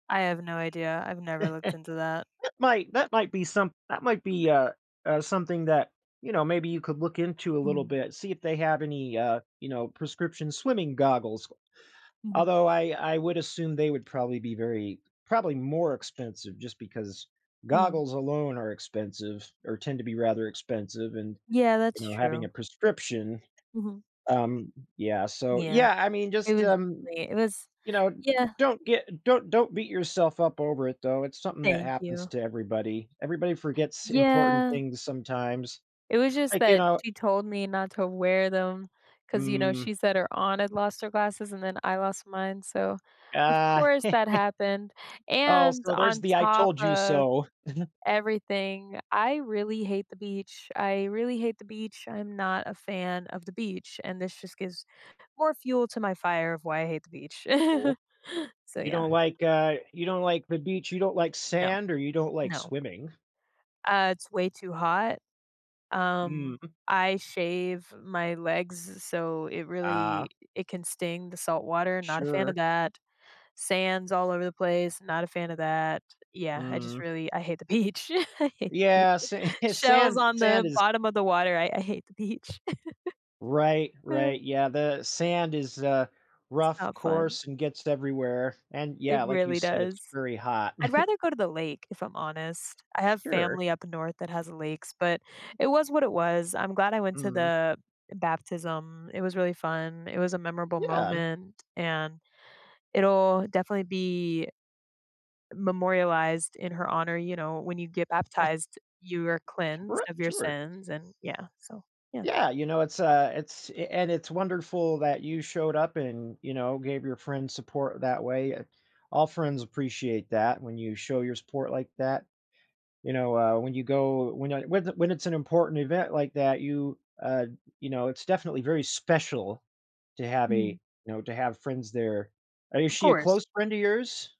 I have no idea; I've never looked into that. That might that might be some that might be, uh uh, something that, you know, maybe you could look into a little Mm. bit, see if they have any, uh, you know, prescription swimming goggles. Mhm. Although, I I would assume they would probably be very probably more expensive just because Mhm. goggles alone are expensive or tend to be rather expensive and, Yeah, that's you know, having a true. prescription, Mhm. um yeah, so Yeah. yeah, I mean, It just, was, um, [unintelligible] it was you know, yeah. don't get don't don't beat yourself up over it, though. It's something that Thank happens you. to everybody; everybody forgets important Yeah. things sometimes, It was just like, you that know she told me not to wear them 'cause, you know, Mm. she said her aunt had lost her glasses and then I lost mine, so, of Ah. course that happened, Oh, and so, there's on the "I top told you of so." everything, I really hate the beach. I really hate the beach, I'm not a fan of the beach, and this just gives more fuel to my fire of why I hate the beach. Ooh? So, You yeah. don't like, uh you don't like the beach you don't like No. sand, or you don't like No. swimming? Uh, it's way too hot. Um, Mm. I shave my legs so it really Ah. i it can sting, the salt water, not a fan of Sure. that. Sand's all over the place, not a fan of that. Yeah, I just Mm. really I hate the beach. I hate the Yeah, beach. sa Shells sand on the sand is bottom of the water, I I hate the beach. Right, right, yeah, the sand is a It's rough, not fun. course, and gets everywhere, and, It yeah, like you really said, does. it's very hot. I'd rather go to the lake, if I'm honest. I have Sure. family up north that has lakes, but it was what it was. I'm glad I went to Mm. the, eh, baptism; it was really fun. It was a memorable Yeah. moment, and it'll definitely be memorialized in her honor. You know, when you get baptized, you are cleansed R of your sure. sins and yeah. So, yeah. Yeah, you know, it's, uh, it's eh, and it's wonderful that you showed up and, you know, gave your friends support that way, eh, all friends appreciate that when you show your support like that. You know, uh, when you go when a whe th when it's an important event like that, you, uh, you know, it's definitely very special to have Mhm. a know, to friends there. Uh, is Of she a course. close friend of yours?